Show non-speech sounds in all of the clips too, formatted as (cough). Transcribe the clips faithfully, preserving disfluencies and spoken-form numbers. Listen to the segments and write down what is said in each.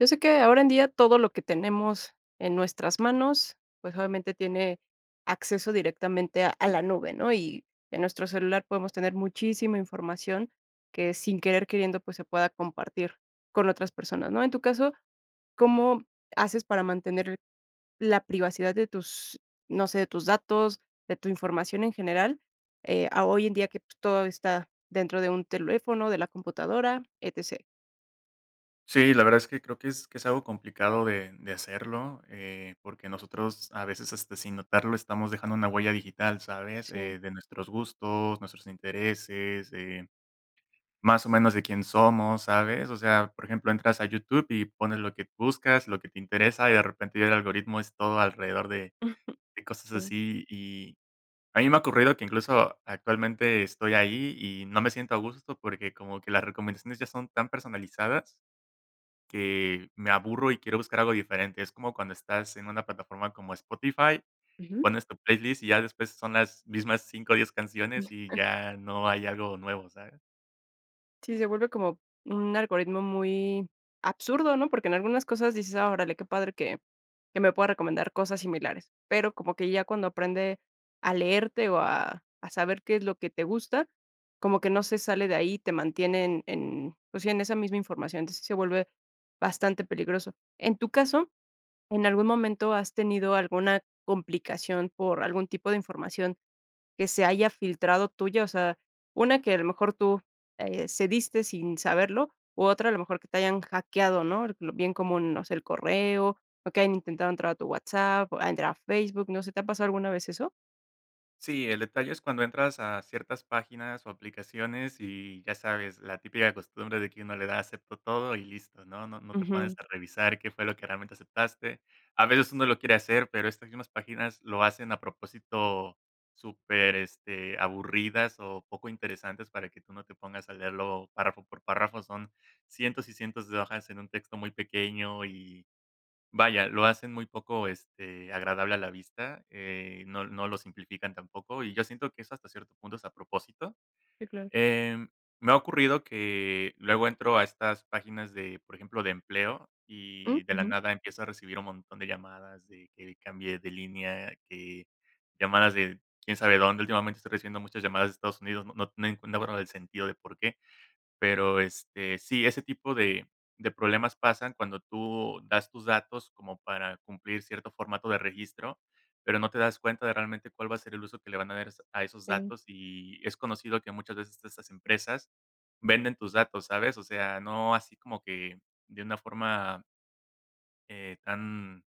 Yo sé que, ahora en día todo lo que tenemos en nuestras manos, pues obviamente tiene acceso directamente a la nube, ¿no? Y en nuestro celular podemos tener muchísima información que, sin querer queriendo, pues se pueda compartir con otras personas, ¿no? En tu caso, ¿cómo haces para mantener la privacidad de tus, no sé, de tus datos, de tu información en general, eh, a hoy en día que, pues, todo está dentro de un teléfono, de la computadora, etc? Sí, la verdad es que creo que es que es algo complicado de de hacerlo, eh, porque nosotros a veces, este, sin notarlo, estamos dejando una huella digital, ¿sabes? Sí. Eh, de nuestros gustos, nuestros intereses, eh, más o menos de quién somos, ¿sabes? O sea, por ejemplo, entras a YouTube y pones lo que buscas, lo que te interesa, y de repente ya el algoritmo es todo alrededor de (giggles) de cosas Sí. así. Y a mí me ha ocurrido que incluso actualmente estoy ahí y no me siento a gusto porque como que las recomendaciones ya son tan personalizadas que me aburro y quiero buscar algo diferente. ⁣Es como cuando estás en una plataforma como Spotify, Ujú. pones tu playlist y ya después son las mismas cinco, diez canciones y (giggles) ya no hay algo nuevo, ¿sabes? Sí, se vuelve como un algoritmo muy absurdo, ¿no? Porque en algunas cosas dices: "Ah, órale, qué padre que que me pueda recomendar cosas similares". Pero como que ya cuando aprende a leerte o a a saber qué es lo que te gusta, como que no se sale de ahí, te mantiene en en, pues sí, en esa misma información. Entonces, se vuelve bastante peligroso. En tu caso, ¿en algún momento has tenido alguna complicación por algún tipo de información que se haya filtrado tuya? O sea, una que a lo mejor tú, eh, cediste sin saberlo, u otra a lo mejor que te hayan hackeado, ¿no? Eh, bien como, no sé, el correo, o que hayan intentado entrar a tu WhatsApp, a entrar a Facebook, no sé, ¿te ha pasado alguna vez eso? Sí, el detalle es cuando entras a ciertas páginas o aplicaciones y ya sabes, la típica costumbre de que uno le da, acepto todo y listo, ¿no? No no te pones Ujú. a revisar qué fue lo que realmente aceptaste. A veces uno lo quiere hacer, pero estas mismas páginas lo hacen a propósito súper, este, aburridas o poco interesantes para que tú no te pongas a leerlo párrafo por párrafo. Son cientos y cientos de hojas en un texto muy pequeño y vaya, lo hacen muy poco, este, agradable a la vista, eh, no no lo simplifican tampoco. Y yo siento que eso hasta cierto punto es a propósito, Sí, claro. eh, me ha ocurrido que luego entro a estas páginas de, por ejemplo, de empleo Mm. y de la Ujú. nada empiezo a recibir un montón de llamadas, y que cambié de línea, que llamadas de quién sabe dónde. Últimamente estoy recibiendo muchas llamadas de Estados Unidos, no no no enc no veo del sentido de por qué. Pero, este, sí, ese tipo de de problemas pasan cuando tú das tus datos como para cumplir cierto formato de registro, pero no te das cuenta de realmente cuál va a ser el uso que le van a dar a esos a esos Sí. datos, y es conocido que muchas veces estas empresas venden tus datos, ¿sabes? O sea, no así como que de una forma eh, tan,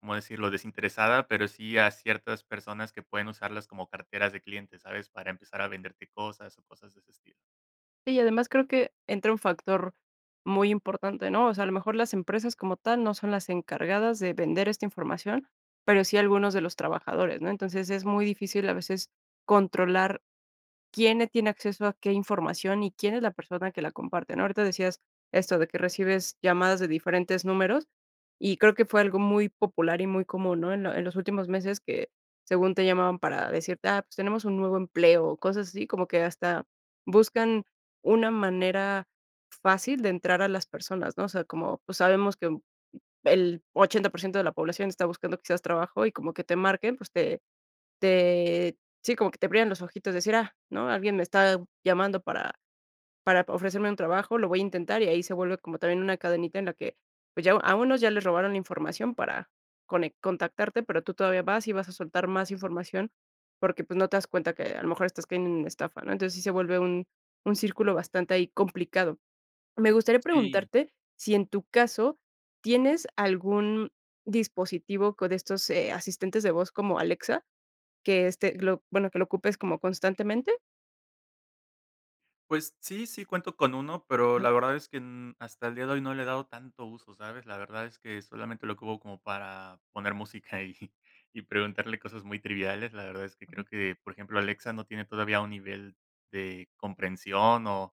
¿cómo decirlo? Desinteresada. Pero sí a ciertas personas que pueden usarlas como carteras de clientes, ¿sabes? Para empezar a venderte cosas o cosas de ese estilo. Sí, y además creo que entra un factor muy importante, ¿no? O sea, a lo mejor las empresas como tal no son las encargadas de vender esta información, pero sí algunos de los trabajadores, ¿no? Entonces es muy difícil a veces controlar quién le tiene acceso a qué información y quién es la persona que la comparte, ¿no? Ahorita decías esto, de que recibes llamadas de diferentes números, y creo que fue algo muy popular y muy común, ¿no? En lo en los últimos meses que, según te llamaban para decirte: "Ah, pues tenemos un nuevo empleo". Cosas así como que hasta buscan una manera fácil de entrar a las personas, ¿no? O sea, como, pues sabemos que el ochenta por ciento de la población está buscando quizás trabajo y como que te marquen, pues te te sí, como que te brillan los ojitos decir: "Ah, ¿no? Alguien me está llamando para para ofrecerme un trabajo, lo voy a intentar". Y ahí se vuelve como también una cadenita en la que, pues ya a unos ya les robaron la información para conec contactarte, pero tú todavía vas y vas a soltar más información, porque, pues, no te das cuenta que a lo mejor estás cayendo en estafa, ¿no? Entonces sí se vuelve un un círculo bastante ahí complicado. Me gustaría Sí. preguntarte si en tu caso, ¿tienes algún dispositivo con estos, eh, asistentes de voz como Alexa que, este, lo, bueno, que lo ocupes como constantemente? Pues sí, sí cuento con uno, pero Ajá. la verdad es que, mm, hasta el día de hoy no le he dado tanto uso, ¿sabes? La verdad es que solamente lo ocupo como para poner música, y y preguntarle cosas muy triviales, la verdad es que creo Ujú. que, por ejemplo, Alexa no tiene todavía un nivel de comprensión o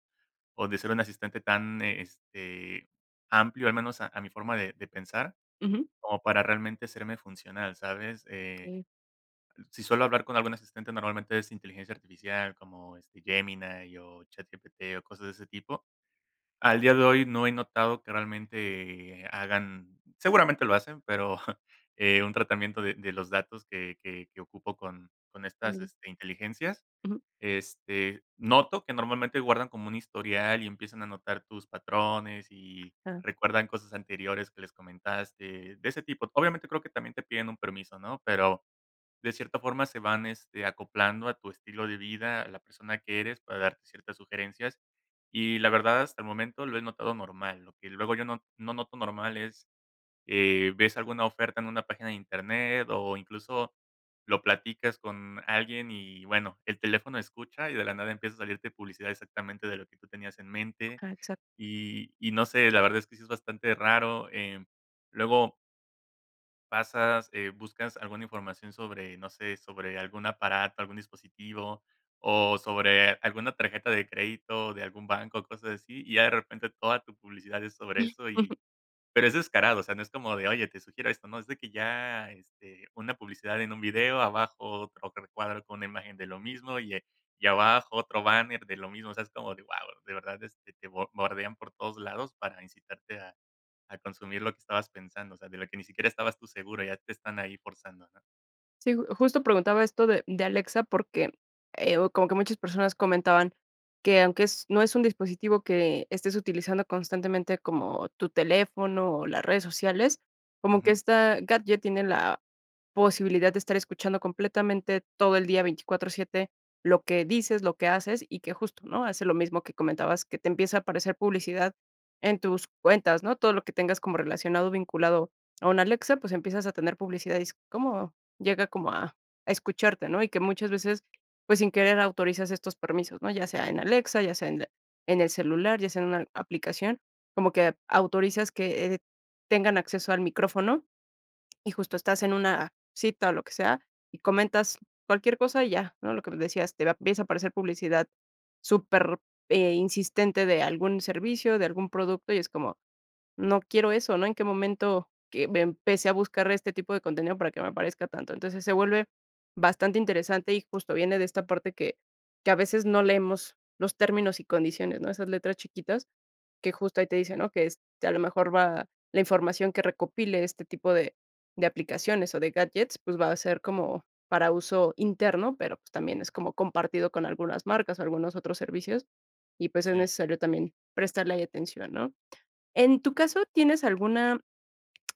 o de ser un asistente tan, eh, este amplio, al menos a a mi forma de de pensar, Ujú. como para realmente serme funcional, ¿sabes? Eh, Okey. si suelo hablar con algún asistente, normalmente es inteligencia artificial como este Gemini o ChatGPT, o cosas de ese tipo. Al día de hoy no he notado que realmente hagan seguramente lo hacen, pero, eh, un tratamiento de de los datos que que que ocupo con con estas Órale. este, inteligencias. Ujú. Este, noto que normalmente guardan como un historial, y empiezan a notar tus patrones y Ah. recuerdan cosas anteriores que les comentaste de ese tipo. Obviamente, creo que también te piden un permiso, ¿no? Pero de cierta forma se van, este, acoplando a tu estilo de vida, a la persona que eres, para darte ciertas sugerencias, y la verdad hasta el momento lo he notado normal. Lo que luego yo no no noto normal es, eh, ves alguna oferta en una página de internet, o, incluso, lo platicas con alguien y, bueno, el teléfono escucha, y de la nada empieza a salirte publicidad exactamente de lo que tú tenías en mente. Okey, exacto. Y y no sé, la verdad es que sí es bastante raro. Em, luego pasas, eh, buscas alguna información sobre, no sé, sobre algún aparato, algún dispositivo o sobre alguna tarjeta de crédito de algún banco, cosas así, y ya de repente toda tu publicidad es sobre (giggles) eso. Ujú. Y, pero es descarado, o sea, no es como de: "Oye, te sugiero esto", no es de que ya, este, una publicidad en un video, abajo otro recuadro con una imagen de lo mismo y, eh, y abajo otro banner de lo mismo, o sea, es como de wao, de verdad, este, te bo bordean por todos lados para incitarte a a consumir lo que estabas pensando, o sea, de lo que ni siquiera estabas tú seguro, ya te están ahí forzando, ¿no? Sí, ju justo preguntaba esto de, mm, de Alexa porque, eh, o como que muchas personas comentaban que aunque es no es un dispositivo que, eh, estés utilizando constantemente como tu teléfono o las redes sociales, como que Ujù. esta gadget tiene la posibilidad de estar escuchando completamente todo el día veinticuatro siete lo que dices, lo que haces y que justo, ¿no? Hace lo mismo que comentabas, que te empieza a aparecer publicidad en tus cuentas, ¿no? Todo lo que tengas como relacionado, vinculado a un Alexa, pues, empiezas a tener publicidad, y es como llega como a a escucharte, ¿no? Y que muchas veces, pues, sin querer autorizas estos permisos, ¿no? Ya sea en Alexa, ya sea en en el celular, ya sea en una aplicación, como que autorizas que, eh, tengan acceso al micrófono, (swallows) y justo estás en una cita, o lo que sea, y comentas cualquier cosa, y ya, ¿no? Lo que me decías, te va empieza a aparecer publicidad super, eh, insistente de algún servicio, de algún producto, y es como no quiero eso, ¿no? En qué momento que me empecé a buscar este tipo de contenido para que me aparezca tanto. Entonces se vuelve bastante interesante, y justo viene de esta parte que- que a veces no leemos los términos y condiciones, ¿no? Esas letras chiquitas que justo ahí te dicen, ¿no? Que es que a lo mejor va la información que recopile este tipo de de aplicaciones o de gadgets, pues, va a ser como para uso interno, pero, pues, también es como compartido con algunas marcas o algunos otros servicios, y pues, es Sí. necesario también prestarle atención, ¿no? En tu caso, ¿tienes alguna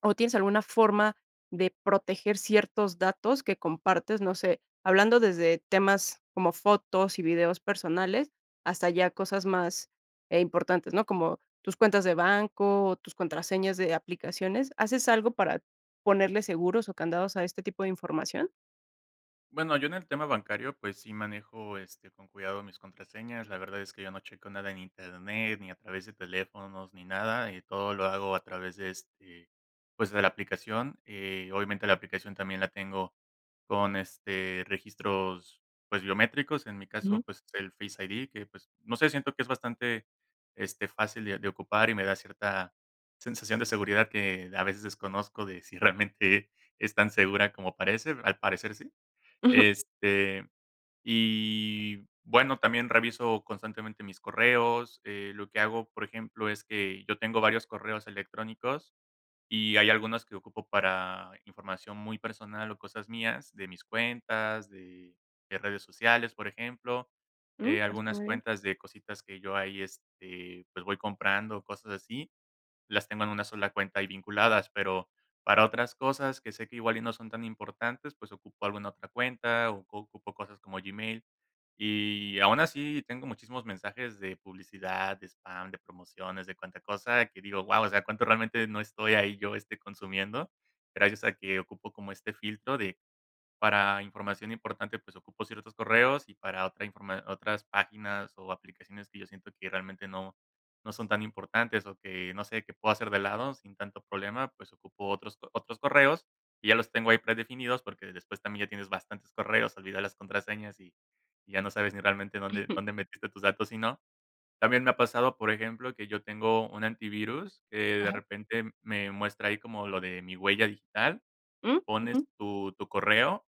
o, tienes alguna forma de proteger ciertos datos que compartes? No sé, hablando desde temas como fotos y videos personales hasta ya cosas más, eh, importantes, ¿no? Como tus cuentas de banco, tus contraseñas de aplicaciones. ¿Haces algo para ponerle seguros o candados a este tipo de información? Bueno, yo en el tema bancario, pues, sí manejo, este, con cuidado mis contraseñas. La verdad es que yo no checo nada en Internet, ni a través de teléfonos, ni nada, eh, todo lo hago a través de, este, pues, de la aplicación, eh, obviamente, la aplicación también la tengo con, este, registros, pues biométricos. En mi Ujú. caso, pues, el Face ID que, pues, no sé, siento que es bastante este fácil de de ocupar y me da cierta sensación de seguridad que a veces desconozco de si realmente es tan segura como parece, al parecer sí. Ujú. Este, y bueno, también reviso constantemente mis correos, eh, lo que hago, por ejemplo, es que yo tengo varios correos electrónicos y hay algunos que ocupo para información muy personal o cosas mías de mis cuentas, de de redes sociales, por ejemplo, Mm. eh, Está algunas muy bien. cuentas de cositas que yo ahí, este, pues, voy comprando, cosas así, las tengo en una sola cuenta y vinculadas. Pero para otras cosas que sé que igual y no son tan importantes, pues ocupo alguna otra cuenta, ocu ocupo cosas como Gmail, y aun así tengo muchísimos mensajes de publicidad, de spam, de promociones, de cuanta cosa, que digo: "Guau". O sea, cuánto realmente no estoy ahí yo, este, consumiendo. Gracias a que ocupo como este filtro de para información importante, pues ocupo ciertos correos y para otra informa otras páginas o aplicaciones que yo siento que realmente no no son tan importantes o que no sé que puedo hacer de lado sin tanto problema, pues ocupo otros otros correos y ya los tengo ahí predefinidos, porque después también ya tienes bastantes correos, olvidas las contraseñas y y ya no sabes ni realmente dónde (giggles) dónde metiste tus datos y no. También me ha pasado, por ejemplo, que yo tengo un antivirus, eh, de Ajá. repente me muestra ahí como lo de mi huella digital, Mm. pones Ujú. tu tu correo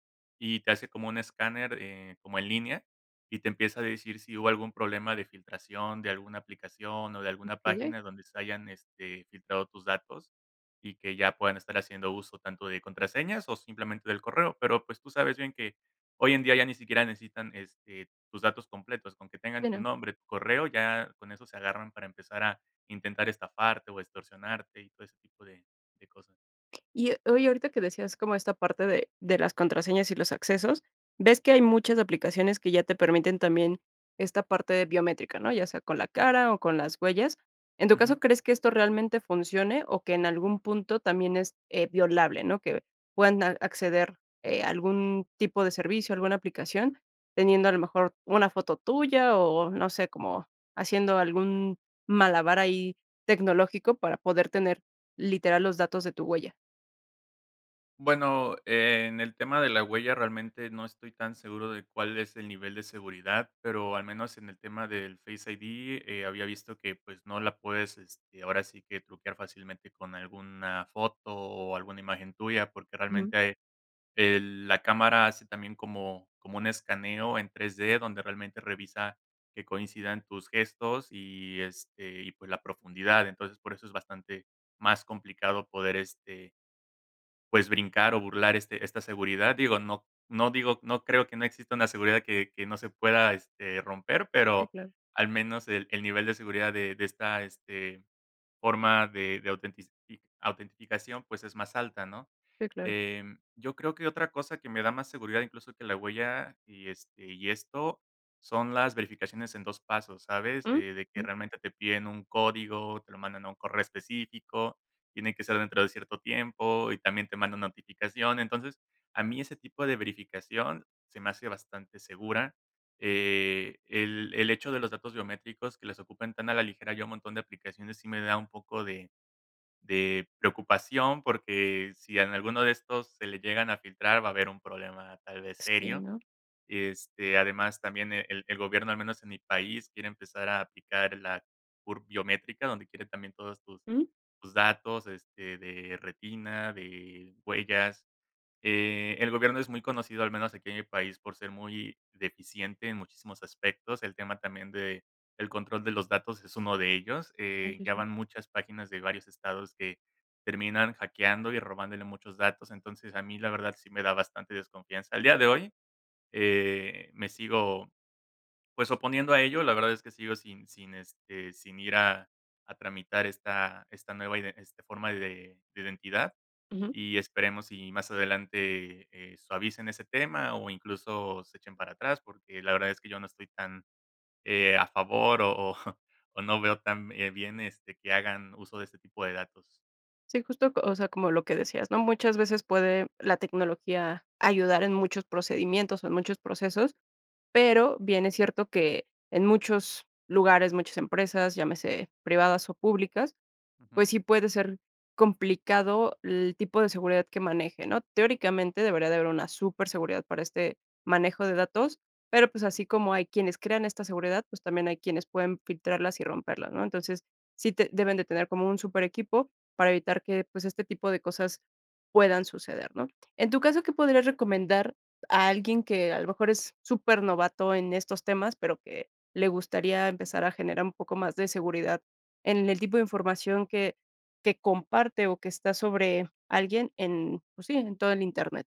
y te hace como un escáner, eh, como en línea y te empieza a decir si hubo algún problema de filtración de alguna aplicación o de alguna Okey. página donde se hayan, este, filtrado tus datos y que ya puedan estar haciendo uso tanto de contraseñas o simplemente del correo. Pero pues tú sabes bien que hoy en día ya ni siquiera necesitan este tus datos completos, con que tengan Que tu no. nombre, tu correo ya con eso se agarran para empezar a intentar estafarte o extorsionarte y todo ese tipo de de cosas. Y, eh, oye, ahorita que decías como esta parte de de las contraseñas y los accesos, ves que hay muchas aplicaciones que ya te permiten también esta parte de biométrica, ¿no? Ya sea con la cara o con las huellas. En tu Ujú. caso, ¿crees que esto realmente funcione o que en algún punto también es, eh, violable, ¿no? Que puedan a acceder, eh, algún tipo de servicio, alguna aplicación, teniendo a lo mejor una foto tuya o no sé, como haciendo algún malabar ahí tecnológico para poder tener literal los datos de tu huella. Bueno, en el tema de la huella realmente no estoy tan seguro de cuál es el nivel de seguridad, pero al menos en el tema del Face ID, eh, había visto que, pues, no la puedes, este, ahora sí que truquear fácilmente con alguna foto o alguna imagen tuya. Porque Ujú. realmente ahí, eh, la cámara hace también como como un escaneo en 3D, donde realmente revisa que coincidan tus gestos y, este, y, pues, la profundidad. Entonces, por eso es bastante más complicado poder, este pues, brincar o burlar, este esta seguridad. Digo, no no, digo, no creo que no exista una seguridad que que no se pueda, este, romper, Sí, pero claro. al menos el el nivel de seguridad de de esta, este, forma de de autentici autenticación pues es más alta, ¿no? Sí, claro. Eh, yo creo que otra cosa que me da más seguridad incluso que la huella, y este y esto son las verificaciones en dos pasos, ¿sabes? Uh, De que ujú. realmente te piden un código, te lo mandan a un correo específico, tiene que ser dentro de cierto tiempo y también te manda notificación. Entonces, a mí ese tipo de verificación se me hace bastante segura. Eh, el el hecho de los datos biométricos que les ocupan tan a la ligera, hay un montón de aplicaciones, sí me da un poco de de preocupación, porque si en alguno de estos se le llegan a filtrar, va a haber un problema tal vez Sí, serio. ¿no? Este, además, también el el gobierno, al menos en mi país, quiere empezar a aplicar la bur biométrica donde quiere también todas tus Ujú. tus datos, este, de retina, de huellas. Eh, el gobierno es muy conocido, al menos aquí en mi país, por ser muy deficiente en muchísimos aspectos. El tema también del control de los datos es uno de ellos, Oh, eh, sí, ya sí. van muchas páginas de varios estados que terminan hackeando y robándole muchos datos. Entonces a mí la verdad sí me da bastante desconfianza. Al día de hoy, eh, me sigo, pues, oponiendo a ello, la verdad es que sigo sin sin, este, sin ir a a tramitar esta esta nueva iden este forma de de identidad, Ujú. y esperemos y más adelante, eh, suavicen ese tema o, incluso, se echen para atrás, porque la verdad es que yo no estoy tan, eh, a favor, o o o, no veo tan, eh, bien este que hagan uso de ese tipo de datos. Sí, justo, co o sea, como lo que decías, ¿no? Muchas veces puede la tecnología ayudar en muchos procedimientos o en muchos procesos, pero bien es cierto que en muchos lugares, muchas empresas, llámese privadas o públicas, Ujú. pues sí, puede ser complicado el tipo de seguridad que maneje, ¿no? Teóricamente, debería de haber una superseguridad para este manejo de datos, pero, pues, así como hay quienes crean esta seguridad, pues, también hay quienes pueden filtrarlas y romperlas, ¿no? Entonces, sí te deben de tener como un superequipo para evitar que, pues, este tipo de cosas puedan suceder, ¿no? En tu caso, ¿qué podrías recomendar a alguien que a lo mejor es supernovato en estos temas, pero que le gustaría empezar a generar un poco más de seguridad en el tipo de información que que comparte, o que está sobre alguien en pues sí, en todo el internet.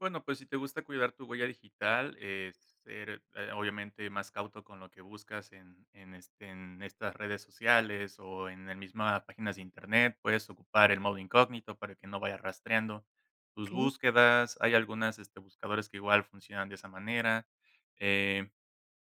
Bueno, pues, si te gusta cuidar tu huella digital, es ser, eh, obviamente más cauto con lo que buscas en en, este, en estas redes sociales o en el misma páginas de Internet, puedes ocupar el modo incógnito para que no vaya rastreando tus Okey. búsquedas. Hay algunas este buscadores que igual funcionan de esa manera, eh,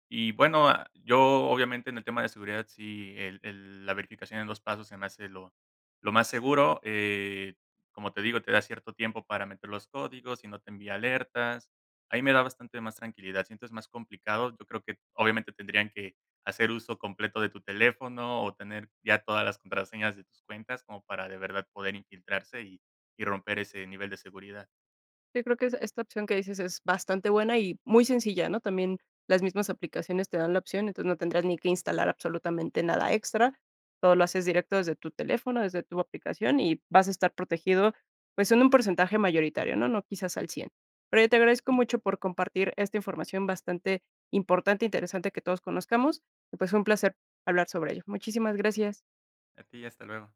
y bueno yo obviamente en el tema de seguridad si el el la verificación en dos pasos se me hace lo lo más seguro. Eh, como te digo, te da cierto tiempo para meter los códigos; si no, te envía alertas. A mí me da bastante más tranquilidad. Sientes más complicado, yo creo que, obviamente, tendrían que hacer uso completo de tu teléfono o tener ya todas las contraseñas de tus cuentas como para de verdad poder infiltrarse, y y romper ese nivel de seguridad. Yo creo que es esta opción que dices es bastante buena y muy sencilla, ¿no? También las mismas aplicaciones te dan la opción, entonces no tendrás ni que instalar absolutamente nada extra. Todo lo haces directo desde tu teléfono, desde tu aplicación, y vas a estar protegido, pues en un porcentaje mayoritario, ¿no? No quizás al cien. Pero yo te agradezco mucho por compartir esta información bastante importante interesante que todos conozcamos, y pues, fue un placer hablar sobre ello. Muchísimas gracias. A ti y hasta luego.